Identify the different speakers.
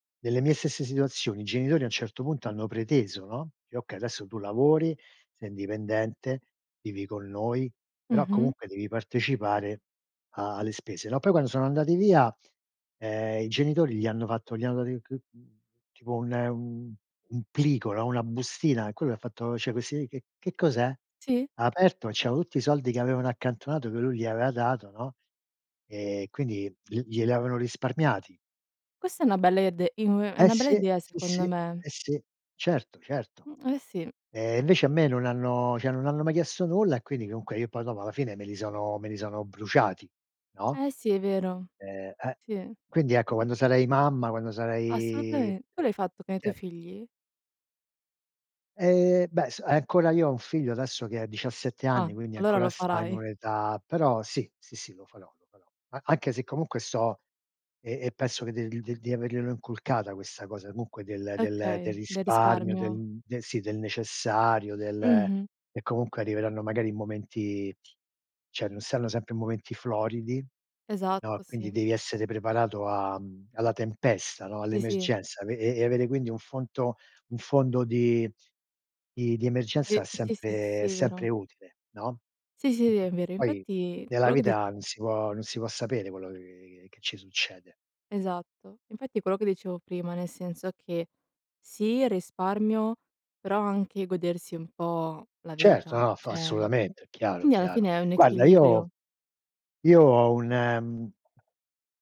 Speaker 1: Nelle mie stesse situazioni, i genitori, a un certo punto, hanno preteso, no: “Okay, adesso tu lavori, sei indipendente, vivi con noi, però,
Speaker 2: Mh-mh.
Speaker 1: comunque, devi partecipare a alle spese, no?” Poi, quando sono andati via, ehm, i genitori gli hanno fatto gli hanno rinc mhmm, tipo un un plico, no, una bustina. E Quello ha fatto: “Cioè, questi che che cos'è?”
Speaker 2: Sì.
Speaker 1: Ha aperto. C'erano tutti i soldi che avevano accantonato che lui gli aveva dato, no, e quindi gl gliel'avevano risparmiati.
Speaker 2: Questa è una bella ide uhm, è
Speaker 1: Eh,
Speaker 2: una bella
Speaker 1: sì,
Speaker 2: idea
Speaker 1: sì, sì.
Speaker 2: secondo me.
Speaker 1: Eh, sì. Certo, certo.
Speaker 2: Mh. Eh, sì.
Speaker 1: Eh, invece, a me non hanno cioè, non hanno mai chiesto nulla e, quindi, comunque, io, poi, dopo, alla fine, me li sono me li sono bruciati, no,
Speaker 2: Eh, sì, è vero.
Speaker 1: ehm, eh.
Speaker 2: Sì.
Speaker 1: Quindi, ecco, quando sarei mamma quando sarei,
Speaker 2: Assolutame Tu l'hai fatto con i tuoi
Speaker 1: cioè
Speaker 2: figli?
Speaker 1: Eh, beh, s ancora io ho un figlio, adesso, che ha 17
Speaker 2: Ah.
Speaker 1: anni, quindi
Speaker 2: Allora lo
Speaker 1: ancora sta in
Speaker 2: farai.
Speaker 1: un'età, però, sì, sì, sì, lo farò, lo farò. A anche se, comunque, sto e e penso che di di averglielo inculcata questa cosa, comunque, del del del
Speaker 2: Okay, del
Speaker 1: risparmio,
Speaker 2: risparmio.
Speaker 1: del del sì, del necessario, del
Speaker 2: Mh-mh.
Speaker 1: e, comunque, arriveranno, magari, in momenti cioè, non saranno sempre momenti floridi, no,
Speaker 2: Esatto,
Speaker 1: quindi
Speaker 2: sì.
Speaker 1: devi essere preparato am alla tempesta, no,
Speaker 2: Sì, sì.
Speaker 1: all'emergenza. E e e avere, quindi, un fonto un fondo di di emergenza
Speaker 2: Di
Speaker 1: è
Speaker 2: sì, sì,
Speaker 1: sempre è
Speaker 2: sì, è vero.
Speaker 1: sempre utile, no.
Speaker 2: Sì, sì ve è vero,
Speaker 1: Poi
Speaker 2: infatti
Speaker 1: nella
Speaker 2: quello che di
Speaker 1: vita, non si può non si può sapere quello che che ci succede.
Speaker 2: Esatto, infatti è quello che dicevo prima, nel senso che sì, il risparmio, però anche godersi un po' la
Speaker 1: Certo,
Speaker 2: vita,
Speaker 1: no, fa
Speaker 2: cioè,
Speaker 1: assolutamente, è chiaro,
Speaker 2: quindi alla
Speaker 1: chiaro.
Speaker 2: fine è un
Speaker 1: Guarda io
Speaker 2: equilibrio.
Speaker 1: io ho un